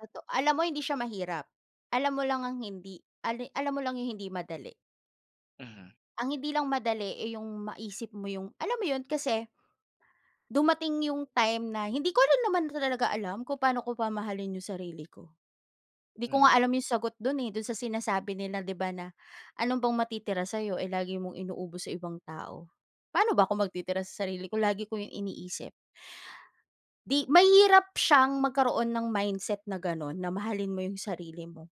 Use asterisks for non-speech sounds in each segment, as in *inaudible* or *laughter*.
Toto alam mo, hindi siya mahirap. Alam mo lang ang hindi ale alam mo lang 'yong hindi madali. Mhm. Ang hindi lang madali, eh, 'yong maisip mo 'yong, alam mo 'yon, kasi, dumating 'yong time na, hindi ko rin naman talaga alam kung pa'no ko mamahalin 'yong sarili ko. 'Di ko Mm. nga alam 'yong sagot do'n, eh, do'n sa sinasabi nila, 'di ba, na, "Ano bang matitira sa'yo, eh, lagi mong inuubos sa ibang tao." Paano ba ko magtitira sa sarili ko, lagi ko 'yong iniisip. 'Di mahirap siyang magkaroon ng mindset na gano'n, na mahalin mo 'yong sarili mo.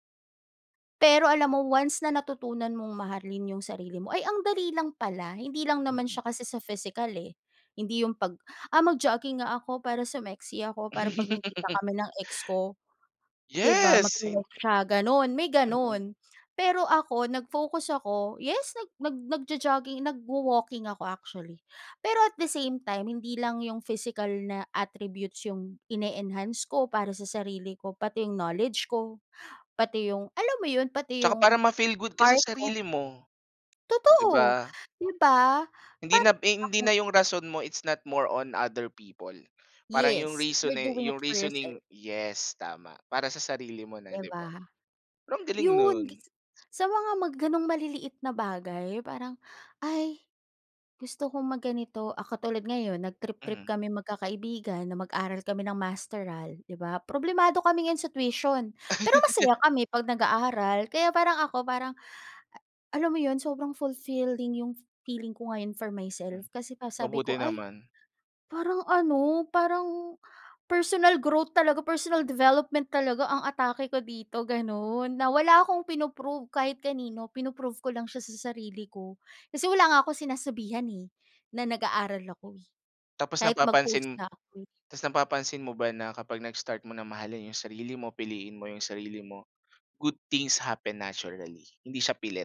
Pero alam mo, once na natutunan mong mahalin 'yong sarili mo, ay ang dali lang pala. Hindi lang naman Mm. siya kasi sa physical, eh. Hindi 'yong 'pag, "Ah, mag-jogging nga ako para sumexy ako, para 'pag nagkita *laughs* kami ng ex ko." 'Di ba, Yes! Sin magwo-walk siya, gano'n, may Mm. gano'n. Pero ako, nag-focus ako, yes, nag nag nagjo-jogging, nagwo-walking ako, actually. Pero, at the same time, hindi lang 'yong physical na attributes 'yong ini-enhance ko, para sa sarili ko, pati 'yong knowledge ko, pati 'yong, alam mo 'yon, pati 'Tsaka para 'yong, ma-feel good ka sa art ko. sarili mo, 'di Totoo, ba. 'di ba. Hindi na Parang, b hindi ako na 'yong rason mo, it's not more on other people. Parang 'yong Yes. reason, You're eh, doing it 'yong for yourself. reasoning, yes tama, para sa sarili mo na, 'Di 'di ba. ba. Pero, ang galing 'Yon no'n. gas sa mga ma gano'ng maliliit na bagay, 'yong parang, "Ay, gusto kong mag ganito," ah, katulad ngayon, nag trip-trip Mhm. kaming magkakaibigan na mag-aral kami ng masteral, 'di ba. Problemado kami ngayon sa tuition, pero masaya *laughs* kami pag nag-aaral, kaya parang ako, parang, a alam mo 'yon, sobrang fulfilling 'yong f feeling ko ngayon for myself. Hmm. Kasi pa, sabi ko, Mabuti "Ay, naman. parang ano, parang, personal growth talaga, personal development talaga ang atake ko dito," gano'n, na wala akong pino-prove kahit kanino, pino-prove ko lang siya sa sarili ko. Kasi wala nga akong sinasabihan, eh, na nag-aaral ako, eh, Tapos kahit mag post napapansin nga ako, eh. tapos napapansin mo ba na kapag nag-start mo ng mahalin 'yong sarili mo, piliin mo 'yong sarili mo, good things happen naturally, hindi siya pilit.